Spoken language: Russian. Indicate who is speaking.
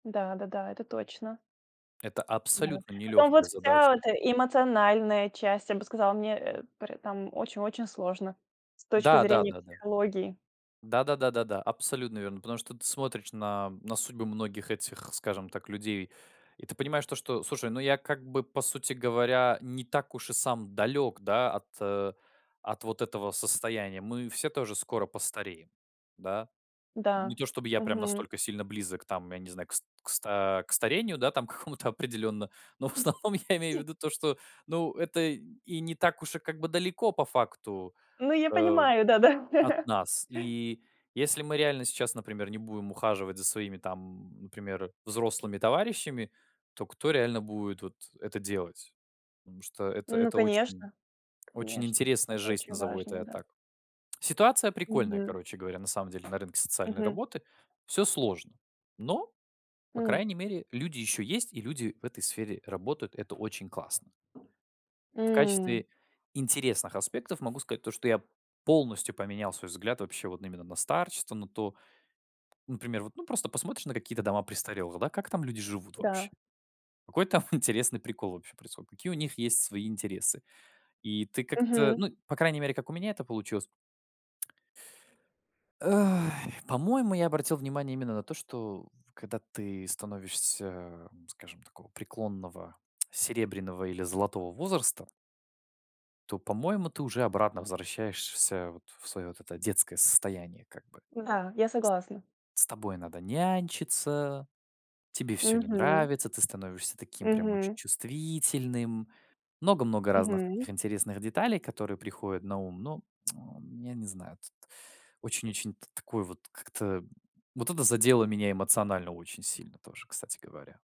Speaker 1: Да. Да-да. Это точно.
Speaker 2: Это
Speaker 1: Да.
Speaker 2: абсолютно
Speaker 1: Потом вот
Speaker 2: нелегкая задача.
Speaker 1: вся эта эмоциональная часть, я бы сказала, мне, э, поре там, очень-очень сложно с точки
Speaker 2: Да, да,
Speaker 1: зрения
Speaker 2: да, да.
Speaker 1: психологии.
Speaker 2: Да, да, да, да, да. Абсолютно верно. Потому что ты смотришь на на судьбы многих этих, скажем так, людей. И ты понимаешь то, что, слушай, ну я как бы, по сути говоря, не так уж и сам далек, да, от, э, от вот этого состояния. Мы все тоже скоро постареем. Да? Не
Speaker 1: Да.
Speaker 2: то чтобы я прям
Speaker 1: Мгм.
Speaker 2: настолько сильно близок там, я не знаю, кс кста к старению, да, там, к какому-то определенно, но в основном я имею в
Speaker 1: [unintelligible]
Speaker 2: виду то, что, ну, это и не так уж и как бы далеко по факту,
Speaker 1: Ну, я
Speaker 2: э,
Speaker 1: понимаю, да-да.
Speaker 2: от нас. И если мы реально сейчас, например, не будем ухаживать за своими там, например, взрослыми товарищами, то кто реально будет вот это делать? Потому что это
Speaker 1: Ну,
Speaker 2: это очень
Speaker 1: конечно.
Speaker 2: очень
Speaker 1: Конечно.
Speaker 2: интересная
Speaker 1: Это
Speaker 2: жесть,
Speaker 1: очень
Speaker 2: назову это
Speaker 1: важно.
Speaker 2: я
Speaker 1: Да.
Speaker 2: так. Ситуация прикольная,
Speaker 1: Мгм.
Speaker 2: короче говоря, на самом деле на рынке социальной
Speaker 1: Мгм.
Speaker 2: работы. Всё сложно. Но. По
Speaker 1: М.
Speaker 2: крайней мере, люди ещё есть, и люди в этой сфере работают. Это очень классно. В
Speaker 1: М.
Speaker 2: качестве интересных аспектов могу сказать то, что я полностью поменял свой взгляд вообще вот н именно на старчество, но то например, вот, ну, просто посмотришь на какие-то дома престарелых, да. Как там люди живут вообще?
Speaker 1: Да.
Speaker 2: Какой там интересный прикол вообще происходит? Какие у них есть свои интересы? И ты как-то
Speaker 1: Мгм.
Speaker 2: ну, по крайней мере, как у меня это получилось. Ай. По-моему, я обратил внимание именно на то, что, когда ты становишься, скажем, такого преклонного серебряного или золотого возраста то, по-моему, ты уже обратно возвращаешься вот в своё вот это детское состояние как бы.
Speaker 1: Да. Я согласна.
Speaker 2: С т с тобой надо нянчиться. Тебе всё не
Speaker 1: Мгм.
Speaker 2: нравится. Ты становишься таким прям очень
Speaker 1: Мгм.
Speaker 2: чувствительным. Много-много разных
Speaker 1: Мгм.
Speaker 2: таких интересных деталей, которые приходят на ум, но я не знаю тут. Очень-очень т такой вот как-то вот это задело меня эмоционально очень сильно тоже, кстати говоря.